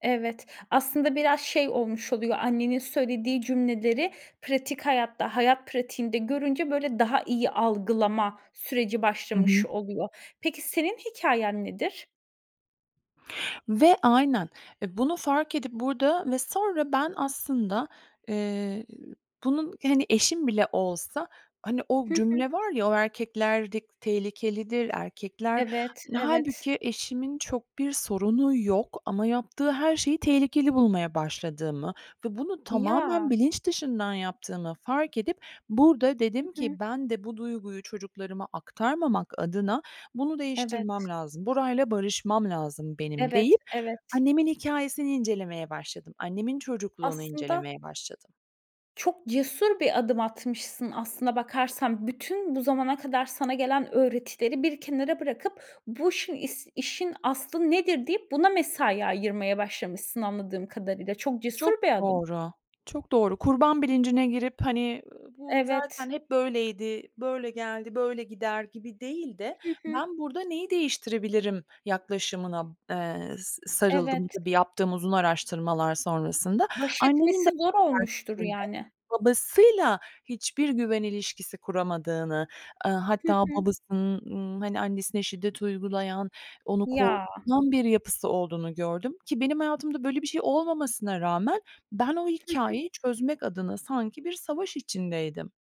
Evet. Aslında biraz şey olmuş oluyor. Annenin söylediği cümleleri pratik hayatta, hayat pratiğinde görünce, böyle, daha iyi algılama süreci Hı başlamış hı. oluyor. Peki, senin hikâyen nedir? Ve aynen! E, bunu fark edip burada ve sonra ben aslında, eee, e ü bunun, hani, eşim bile olsa. Hani o Hı hı. cümle var ya, o erkekler dik tehlikelidir, erkekler Evet, Hani, evet! hâlbuki eşimin çok bir sorunu yok ama yaptığı her şeyi tehlikeli bulmaya başladığımı ve bunu tamamen Ya! bilinç dışından yaptığımı fark edip, burada Hı dedim hı. ki, "Ben de bu duyguyu çocuklarıma aktarmamak adına bunu değiştirmem Evet. lazım. Burayla barışmam lazım benim." Evet, deyip evet. annemin hikâyesini incelemeye başladım. Annemin çocukluğunu Aslında incelemeye başladım. Çok cesur bir adım atmışsın aslına bakarsan. Bütün bu zamana kadar sana gelen öğretileri bir kenara bırakıp bu işin is işin aslı nedir, deyip buna mesai ayırmaya başlamışsın anladığım kadarıyla. Çok cesur Çok bir adım. doğru! Çok doğru. Kurban bilincine girip, hani, bu Evet. zaten hep böyleydi -böyle geldi, böyle gider gibi değil de. Hı hı. "Ben burada neyi değiştirebilirim?" yaklaşımına b eee, s sarıldım. Evet. Tabii, yaptığım uzun araştırmalar sonrasında Baş annemin de etmesi zor [unintelligible] olmuştur şeklinde yani. babasıyla hiçbir güven ilişkisi kuramadığını, ııı, Hı hatta hı. babasının, ııı, hani, annesine şiddet uygulayan, onu Ya! korkutan bir yapısı olduğunu gördüm ki benim hayatımda böyle bir şey olmamasına rağmen ben o Hı hı. hikâyeyi çözmek adına sanki bir savaş içindeydim.